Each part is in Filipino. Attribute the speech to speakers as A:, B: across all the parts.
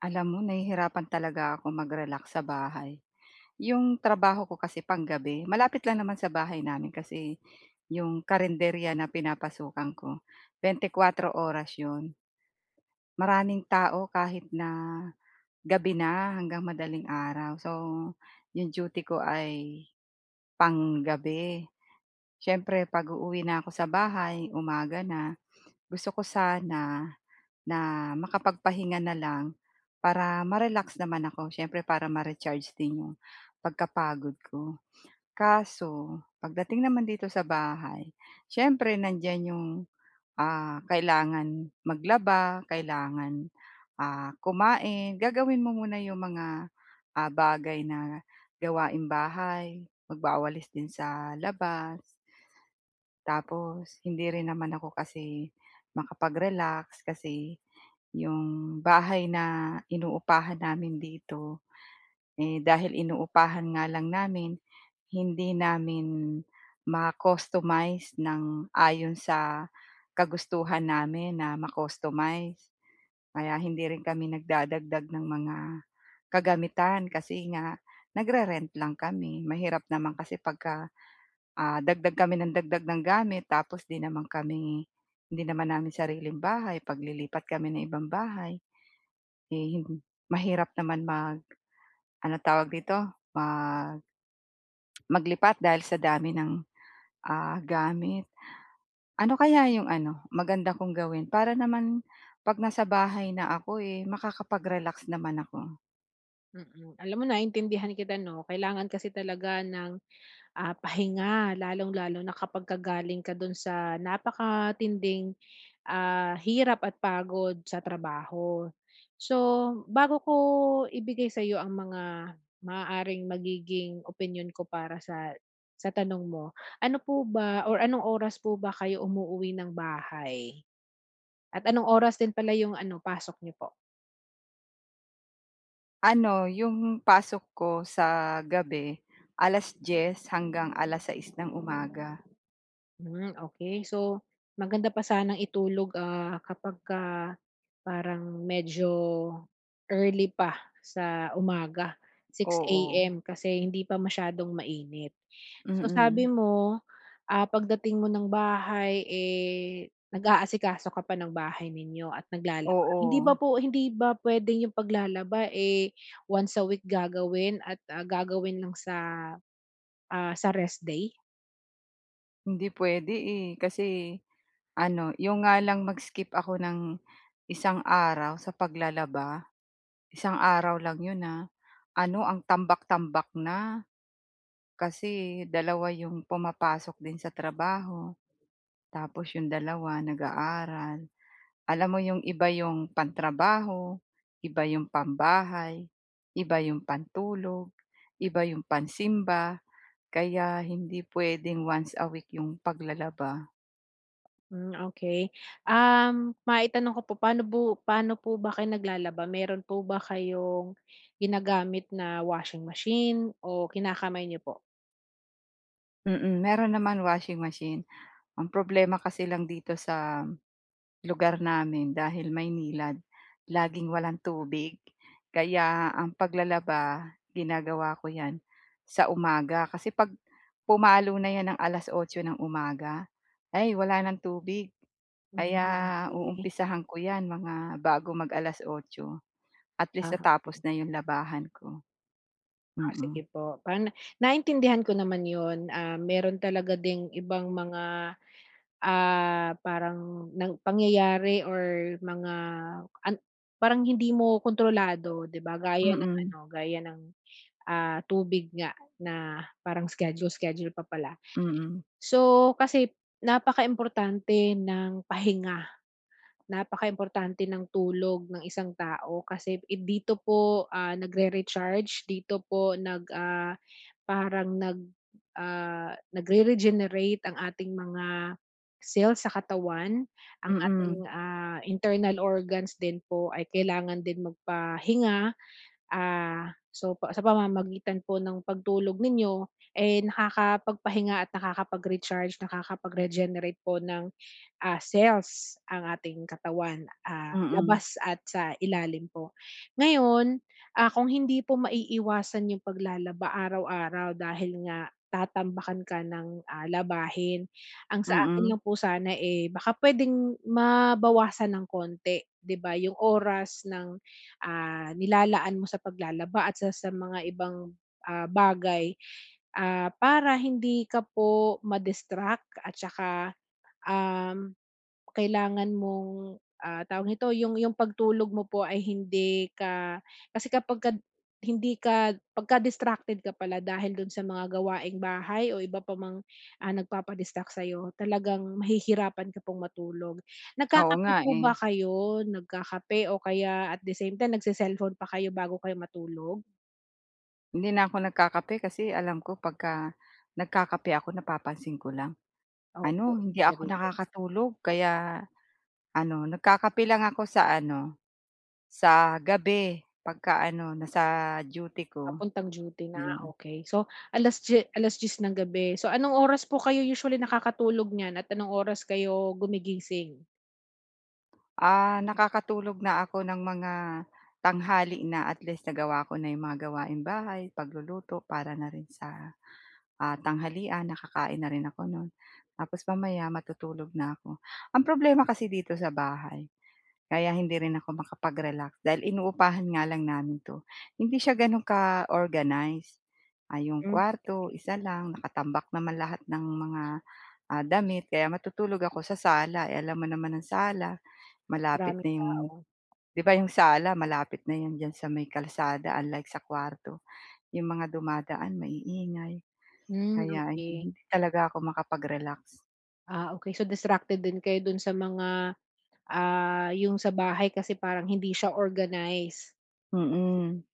A: Alam mo nahihirapan talaga akong mag-relax sa bahay. 'Yong trabaho ko kasi panggabi, malapit lang naman sa bahay namin kasi, 'yong karenderya na pinapasukan ko, 24 oras 'yon. Maraming tao kahit na, gabi na hanggang madaling araw. So, yung duty ko ay, panggabi. Siyempre 'pag-uuwi na ako sa bahay, umaga na, gusto ko sana na makapagpahinga na lang para ma-relax naman ako, siyempre para ma-recharge din 'yong pagkapagod ko. Kaso pagdating naman dito sa bahay, siyempre nandiyan 'yong, ah, kailangan maglaba, kailangan ah, kumain, gagawin mo muna yung mga, ah, bagay na gawaing bahay, magwawalis din sa labas. Tapos hindi rin naman ako kasi makapag-relax kasi, yung bahay na inuupahan namin dito, eh, dahil inuupahan nga lang namin, hindi namin ma-customize ng ayon sa kagustuhan namin na ma-customize. Kaya hindi rin kami nagdadagdag ng mga kagamitan, kasi nga nagre-rent lang kami. Mahirap naman kasi pagka, ah, dagdag kami ng dagdag ng gamit tapos 'di naman kami, hindi naman namin sariling bahay, paglilipat kami ng ibang bahay. Eh mahirap naman mag ano tawag dito? Mag maglipat dahil sa dami ng, ah, gamit. Ano kaya 'yong ano, maganda kong gawin para naman 'pag nasa bahay na ako makakapag-relax naman ako?
B: Mm, alam mo naintindihan kita 'no, kailangan kasi talaga ng, ah, pahinga, lalong-lalo na kapagka galing ka do'n sa napakatinding, ah, hirap at pagod sa trabaho. So, bago ko ibigay sa'yo ang mga maaaring magiging opinyon ko para sa sa tanong mo, ano po ba or anong oras po ba kayo umuuwi ng bahay? At anong oras din pala yung ano pasok niyo po?
A: Ano, yung pasok ko sa gabi 10:00 hanggang 6:00 ng umaga.
B: Hmm, okey so, maganda pa sanang itulog, ah, kapagka parang medyo early pa sa umaga, 6:00
A: Oo.
B: AM kasi hindi pa masyadong mainit. So sabi
A: Mm.
B: mo, ah, pagdating mo ng bahay, eh, nag-aasikaso ka pa ng bahay ninyo at naglalaba. Hndi ba
A: Oo.
B: po hindi ba puwedeng 'yong paglalaba, eh, once a week gagawin at, ah, gagawin lang sa, ah, sa rest day?
A: Hindi puwede, eh. Kasi ano, 'yong nga lang mag-skip ako ng isang araw sa paglalaba, isang araw lang 'yon, ah. Ano, ang tambak-tambak na. Kasi 2 'yong pumapasok din sa trabaho tapos 'yong 2, nag-aaral. Alam mo, 'yong iba 'yong pantrabaho, iba 'yong pambahay, iba 'yong pantulog, iba 'yong pansimba. Kaya hindi puwedeng once a week 'yong paglalaba.
B: Hmm, okey. Um, maitanong ko po, paano po paano po ba kayo naglalaba? Meron po ba kayong ginagamit na washing machine o kinakamay niyo po?
A: Mm. Mayro'n naman, washing machine. Ang problema kasi lang dito sa lugar namin, dahil Maynilad, laging walang tubig. Kaya ang paglalaba, ginagawa ko 'yan sa umaga kasi 'pag pumalo na 'yan ng alas-otso nang umaga, ay wala ng tubig. Kaya
B: Hmm, okey.
A: uumpisahan ko 'yan mga bago mag-alas-otso. At least,
B: Ah,
A: natapos
B: okey.
A: na 'yong labahan ko.
B: Ah,
A: Mm.
B: sige po. Pan naintindihan ko naman yun. Ah, meron talaga ding ibang mga, ah, parang nang pangyayari or mga an parang hindi mo kontrolado, 'di ba? Gaya ng
A: Mm.
B: ano, gaya ng, ah, tubig nga na parang schedule, schedule pa pala.
A: Mm.
B: So, kasi napaka-importante ng pahinga. Napaka-importante ng tulog ng isang tao kasi dito po, ah, nagre-recharge, dito po nag ah, parang nag ah, nagre-regenerate ang ating mga cell sa katawan, ang ating,
A: Mm.
B: ah, internal organs din po ay kailangan din magpahinga. Ah, so, pa sa pamamagitan po ng pagtulog ninyo, eh, nakakapagpahinga at nakakapag-recharge, nakakapag-regenerate po ng, ah, cells ang ating katawan, ah,
A: Mm.
B: labas at sa ilalim po. Ngayon, ah, kung hindi po maiiwasan 'yong paglalaba araw-araw dahil nga tatambakan ka ng, ah, labahin, ang sa akin
A: Mm.
B: lang po sana, eh, baka puwedeng mabawasan ng konti. 'Di ba, yung oras ng, ah, nilalaan mo sa paglalaba at sa sa mga ibang, ah, bagay, ah, para hindi ka po ma-distract at saka, um, kailangan mong, ah, tawag nito, yung yung pagtulog mo po ay hindi ka kasi kapag ka hindi ka pagka distracted ka pala dahil dun sa mga gawaing bahay o iba pa mang, ah, nagpapa-distract sa'yo, talagang mahihirapan ka pong matulog.
A: Oo nga,
B: Nagkakape po
A: eh.
B: ba kayo? Nagkakape o kaya at the same time, nagse-cellphone pa kayo bago kayo matulog?
A: Hindi na ako nagkakape kasi alam ko 'pagka nagkakape ako, napapansin ko lang
B: Opo
A: ano, hindi ako
B: [unintelligible]
A: nakakatulog. Kaya ano, nagkakape lang ako sa ano, sa gabi 'pagka ano, nasa duty ko.
B: Papuntang duty na,
A: Iyon.
B: okey. So, alas-diye alas-diyes ng gabi. So, anong oras po kayo usually nakakatulog niyan at anong oras kayo gumigising?
A: Ah. Nakakatulog na ako ng mga tanghali na. At least nagawa ko na 'yong mga gawaing bahay, pagluluto para na rin sa, ah, tanghalian, nakakain na rin ako no'n. Tapos mamaya, matutulog na ako. Ang problema kasi dito sa bahay, kaya hindi rin ako makapag-relax dahil inuupahan nga lang namin 'to. Hindi siya gano'n ka-organize. Ah, 'yong
B: Hmm,
A: kwarto
B: okey.
A: isa lang, nakatambak naman lahat ng mga, ah, damit kaya matutulog ako sa sala. Eh, alam mo naman ang sala, malapit
B: Maraming
A: na 'yong
B: tao.
A: 'di ba, 'yong sala, malapit na 'yon diyan sa may kalsada unlike sa kwarto. 'Yong mga dumadaan maiingay
B: Hmm,
A: kaya
B: okey.
A: hindi talaga ako makapag-relax.
B: Ah, okey. So, distracted din kayo do'n sa mga, ah, yung sa bahay, kasi parang hindi siya organized?
A: Mm.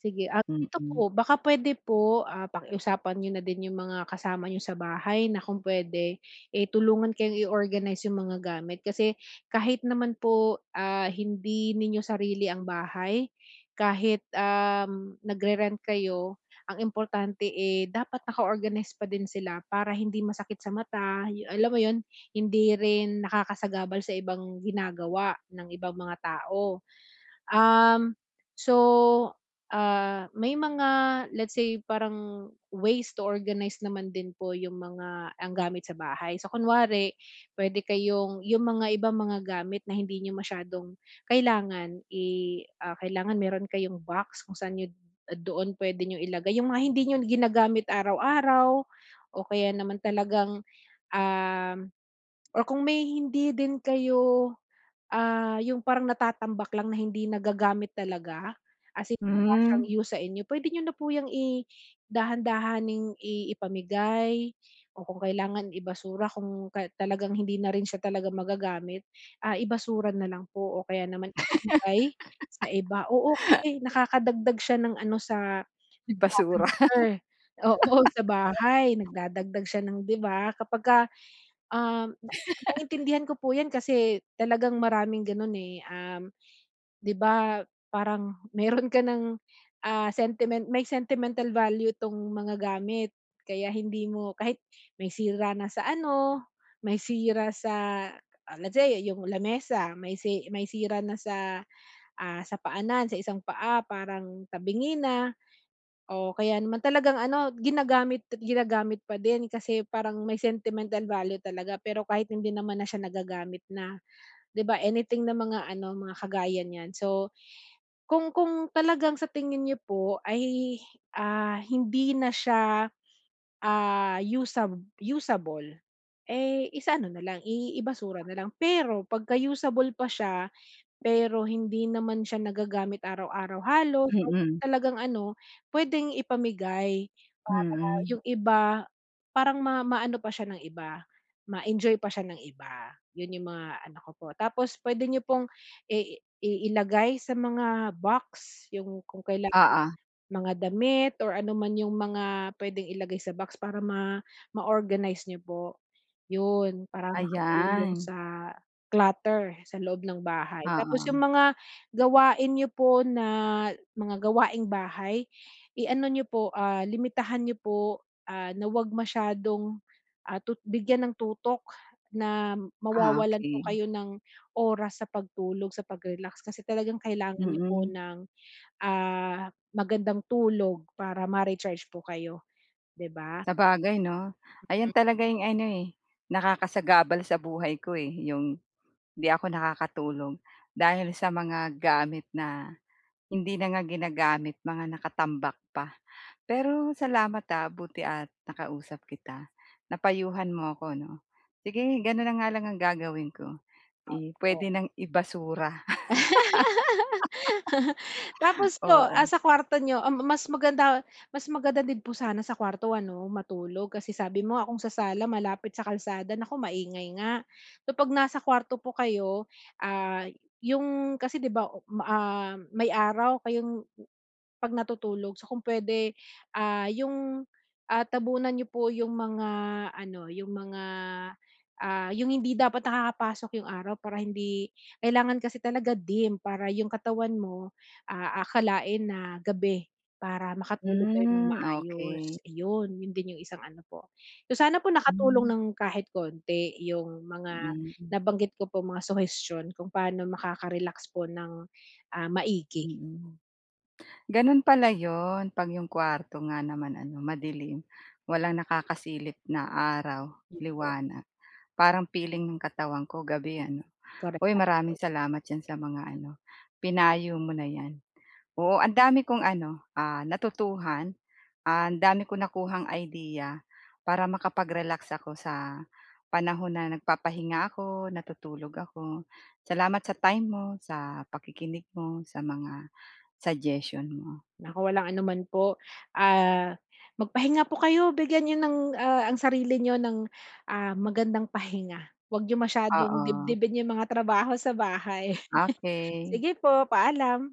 B: Sige, ah ito
A: Mm.
B: po, baka puwede po, ah, pakiusapan nyo na din yung mga kasama nyo sa bahay na kung puwede, eh, tulungan kayong i-organize yung mga gamit. Kasi kahit naman po, ah, hindi ninyo sarili ang bahay, kahit, uhm, nagre-rent kayo ang importante, eh, dapat naka organize pa din sila, para hindi masakit sa mata, a alam mo 'yon? Hindi rin nakakasagabal sa ibang ginagawa ng ibang mga tao. Uhm, so, ah, may mga, let's say parang ways to organize naman din po yung mga, ang gamit sa bahay. So, kunwari puwede kayong yung mga ibang mga gamit na hindi nyo masyadong kailangan, i ah, kailangan mayro'n kayong box kung saan nyo doon puwede niyo ilagay yung mga hindi nyo ginagamit araw-araw, o kaya naman talagang, uhm, or kung may hindi din kayo, ah, yung parang natatambak lang na hindi nagagamit talaga, as in wala siyang
A: Hmm.
B: use sa inyo, puwede nyo na po 'yang i-dahan-dahaning i ipamigay, o kung kailangan i-basura kung talagang hindi na rin siya talaga magagamit, ah, i-basura na lang po, o kaya naman ipamigay sa iba, oo, kasi nakakadagdag siya ng ano sa,
A: I-basura.
B: [unintelligible] oo, sa bahay nagdadagdag siya ng 'di ba? kapagka, uhm, na naiintindihan ko po yan kasi talagang maraming gano'n, eh, uhm, 'di ba, parang mayro'n ka ng, ah, sentiment may sentimental value itong mga gamit, kaya hindi mo kahit may sira na sa ano, may sira sa, ah, let say yung lamesa may sey may sira na sa, ah, sa paanan sa isang paa parang tabingi na, o kaya naman talagang ano ginagamit at ginagamit pa din kasi parang may sentimental value talaga pero kahit hindi naman na siya nagagamit na, 'di ba, anything na mga ano mga kagaya niyan. So, kung kung talagang sa tingin nyo po ay, ah, hindi na siya, ah, usa usable, eh, isa-ano na lang, i-basura na lang. Pero pagka-usable pa siya, pero hindi naman siya nagagamit araw-araw halos o
A: Mm.
B: talagang ano, puwedeng ipamigay para
A: Mhm.
B: yung iba, parang ma maano pa siya ng iba ma-enjoy pa siya ng iba, 'yon yung mga ano ko po. Tapos puwede nyo pong i i ilagay sa mga box yung kung kailangan,
A: Oo.
B: mga damit or ano man yung mga puwedeng ilagay sa box para ma, ma-organize niyo po, 'yon para makatulong
A: Ayan.
B: sa clutter sa loob ng bahay. Tapos yung
A: Oo.
B: mga gawain nyo po na, mga gawaing bahay, i-ano nyo po, ah, limitahan nyo po, ah, na huwag masyadong, ah, tut bigyan ng tutok na
A: Ah,
B: mawawalan po
A: okey.
B: kayo ng oras sa pagtulog, sa pag-relax, kasi talagang kailangan nyo po
A: Mm.
B: ng, ah, magandang tulog para ma-recharge po kayo, 'di ba?
A: Sabagay 'no, ayan
B: Mm.
A: talaga yung ano, eh, nakakasagabal sa buhay ko, eh, yung 'di ako nakakatulog. Dahil sa mga gamit na hindi na nga ginagamit, mga nakatambak pa. Pero salamat, ah, buti at nakausap kita. Napayuhan mo ako 'no? Sige gano'n na nga lang ang gagawin ko, i puwede
B: [unintelligible]
A: nang i-basura.
B: Tapos po, ah,
A: Oo.
B: sa kwarto nyo, ah, mas maganda mas maganda din po sana sa kwarto ano matulog kasi sabi mo nga, kung sa sala malapit sa kalsada, nako maingay nga, kapag nasa kwarto po kayo, ah, yung, kasi 'di ba, oh, ah, may araw kayong pag natutulog, so kung puwede yung, ah, tabunan nyo po yung mga ano, yung mga ah, yung hindi dapat nakakapasok yung araw para hindi kailangan kasi talaga dim para yung katawan mo aakalain na gabi para makatulog kayo ng
A: Hmm. Okey
B: maayos, iyon 'yon din yung isang ano po. So, sana po nakatulong
A: Hmm.
B: ng kahit konti yung mga
A: Hmm.
B: nabanggit ko po mga suhestiyon kung paano makakarelax po ng, ah maigi.
A: Mm. Gano'n pala 'yon 'pag yung kwarto nga naman ano madilim, walang nakakasilip na araw,
B: 'Yon po.
A: liwanag parang feeling ng katawan ko gabi, ano.
B: Correct,
A: Oy,
B: tama po
A: maraming
B: [unintelligible]
A: salamat diyan sa mga ano, pinayo mo na 'yan. Oo ang dami kong ano, ah, natutuhan, ang dami kong nakuhang idea para makapag-relax ako sa panahon na nagpapahinga ako, natutulog ako. Salamat sa time mo, sa pakikinig mo, sa mga suggestion mo.
B: Naku walang ano man po. Ah, magpahinga po kayo, bigyan nyo ng, ah, ang sarili nyo ng, ah, magandang pahinga, huwag nyo masyadong
A: Oo.
B: dibdibin yung mga trabaho sa bahay.
A: Okey.
B: Sige po, paalam.